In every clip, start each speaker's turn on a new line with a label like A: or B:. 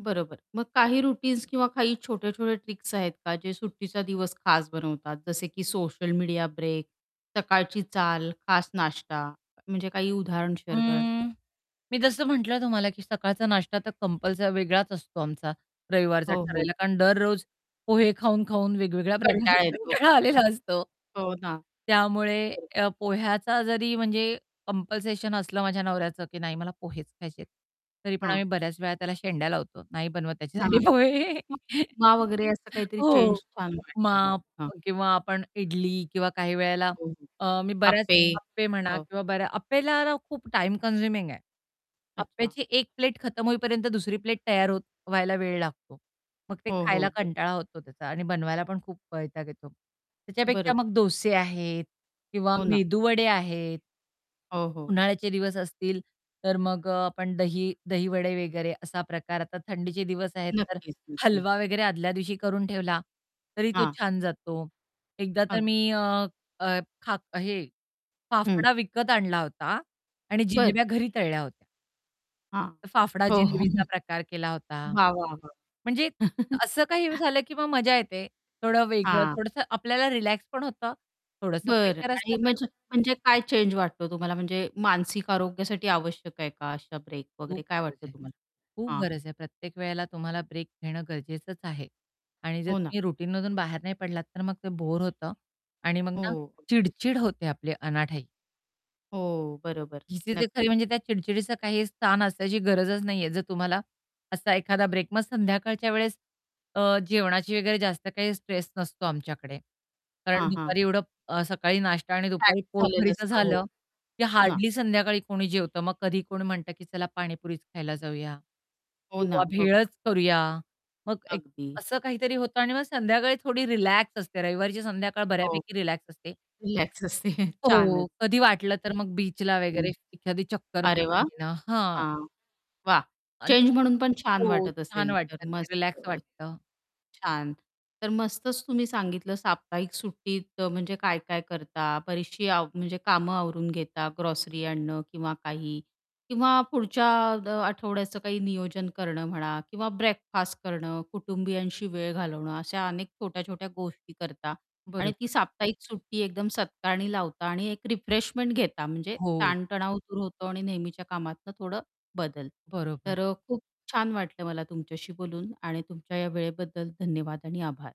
A: बरोबर. मग काही रूटीन्स किंवा काही छोटे-छोटे ट्रिक्स आहेत का, जे सुट्टीचा दिवस खास बनवतात जसे की सोशल मीडिया ब्रेक, सकाळची चाल, खास नाश्ता म्हणजे काही उदाहरण शेअर कराल का?
B: अं, मी जसं म्हटलं तुम्हाला, की सकाळचा नाष्टा तर कंपल्सरी वेगळाच असतो आमचा रविवारचा
A: हो, हो.
B: ठरलेला कारण दररोज पोहे खाऊन-खाऊन वेगवेगळ्या प्रकारचे
A: कंटाळा येतो.
B: कंटाळा आलेला असतो.
A: हो ना.
B: त्यामुळे
A: बरोबर.
B: अ, पोह्याचा जरी म्हणजे कंपल्शन असलं माझ्या नवऱ्याचं, की नाही मला पोहेच खायचेत, तरी पण
A: हं.
B: आम्ही बऱ्याच वेळा त्याला शेंड्या लावतो. नाही बनवत
A: हां. मग
B: त्याच्यासाठी पोहे.
A: उपमा वगैरे असं काहीतरी चेंज
B: हो.
A: छान
B: उपमा
A: वाटतं मग, हां.
B: किंवा आपण इडली किंवा काही वेळेला
A: हो, हो.
B: अ, मी बऱ्याच
A: अप्पे
B: अप्पे म्हणा
A: हो.
B: किंवा बऱ्या अप्पेला न, खूप टाईम कन्झ्युमिंग आहे.
A: अच्छा.
B: अप्याची 1 प्लेट खतम होईपर्यंत दुसरी प्लेट तयार होत व्हायला वेळ लागतो, मग ते
A: हो,
B: खायला
A: हो. बर
B: कंटाळा होतो त्याचा आणि बनवायला पण खूप वैताग येतो. त्याच्यापेक्षा
A: बरोबर.
B: मग डोसे आहेत किंवा
A: हो ना.
B: मेदूवडे आहेत.
A: हो, हो.
B: उन्हाळ्याचे दिवस असतील, तर मग अ, आपण दही दहीवडे वगैरे असा प्रकार आता थंडीचे दिवस आहेत तर
A: नक्कीच, नक्कीच.
B: हलवा वगैरे आदल्या दिवशी करून ठेवला, तरी तो
A: हां.
B: छान जातो, एकदा तर
A: अग
B: मी अ, खा हे
A: हं.
B: फाफडा विकत आणला होता आणि
A: बरं.
B: जिलेब्या घरी तळल्या होत्या.
A: हां.
B: फाफडा
A: हो,
B: जिलेबीचा
A: हो.
B: प्रकार केला होता.
A: वाह वाह
B: म्हणजे
A: वाह!
B: असं काही झालं की मग मजा येते. थोडं वेगळं,
A: हां.
B: थोडसं आपल्याला रिलॅक्स पण होतं थोडंसं
A: बरं
B: प्रेशर असतं
A: आणि म्हण
B: पण
A: म्हणजे काय चेंज वाटतो तुम्हाला म्हणजे मानसिक आरोग्यासाठी आवश्यक आहे का, अशा ब्रेक
B: खूप
A: वगैरे काय
B: गरज
A: वाटतं
B: आहे.
A: तुम्हाला?
B: खूप
A: हां.
B: गरज आहे प्रत्येक वेळेला तुम्हाला ब्रेक घेणं गरजेचंच आहे. आणि जर
A: हो ना.
B: तुम्ही रुटीनमधून बाहेर नाही पडलात तर मग ते बोर होतं आणि मग ना,
A: हो. अगदीच.
B: चिडचिड होते आपले अनाठाई.
A: हो बरोबर,
B: चिसीज खरी
A: नक्कीच.
B: म्हणजे त्या चिडचिडीचं काही स्थान असायची गरजच नाहीये, जर तुम्हाला असा एखादा ब्रेक मग संध्याकाळच्या वेळेस अ, जेवणाची वगैरे जास्त काही स्ट्रेस नसतो आमच्याकडे. कारण
A: हां,
B: दुपारी
A: हां.
B: एवढं अ, सकाळी नाश्ता आणि
A: पॅक
B: दुपारी
A: झालेलं
B: पोटभरीचं
A: असतं हो.
B: झालं,
A: हो
B: की
A: ना.
B: हार्डली संध्याकाळी कोणी जेवतं. मग कधी कोण म्हणतं की चला पाणीपुरीच खायला जाऊया.
A: हो
B: किंवा
A: ना बघ
B: भेळचं करूया. मग एक
A: अगदी.
B: असं काहीतरी होतं आणि मग संध्याकाळी थोडी रिलॅक्स असते रविवारीची संध्याकाळ
A: हो.
B: बऱ्यापैकी रिलॅक्स असते.
A: रिलॅक्स असते, छानच!
B: हो. कधी वाटलं तर मग बीचला
A: [unintelligible]
B: वगैरे
A: हं.
B: एखादी चक्कर
A: अरे वाह!
B: मारून घेणं. हां.
A: हां. वाह!
B: आणि
A: चेंज
B: त्या
A: म्हणून पण छान
B: हो
A: वाटत
B: छान
A: असेल, तर
B: वाटतं ते
A: मस्त.
B: रिलॅक्स
A: अ,
B: वाटतं.
A: छान! तर मस्तच तुम्ही सांगितलं साप्ताहिक सुट्टीत अ, म्हणजे काय-काय करता? बरीचशी आव म्हणजे कामं आवरून घेता, ग्रॉसरी आणणं किंवा काही. किंवा पुढच्या अ, आठवड्याचं काही असं नियोजन करणं म्हणा किंवा ब्रेकफास्ट करणं कुटुंबियांशी वेळ घालवणं अशा अनेक छोट्या-छोट्या गोष्टी करता आणि ती
B: बरोबर.
A: साप्ताहिक सुट्टी एकदम सत्कारणी लावता आणि एक रिफ्रेशमेंट घेता म्हणजे
B: हो.
A: ताणतणाव दूर होतो आणि नेहमीच्या कामातनं थोडं बदल.
B: बरोबर.
A: तर अ, खूप छान वाटलं मला तुमच्याशी बोलून आणि तुमच्या या वेळेबद्दल धन्यवाद आणि आभार.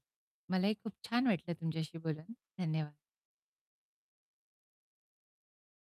B: मलाही खूप छान वाटलं तुमच्याशी बोलून, धन्यवाद.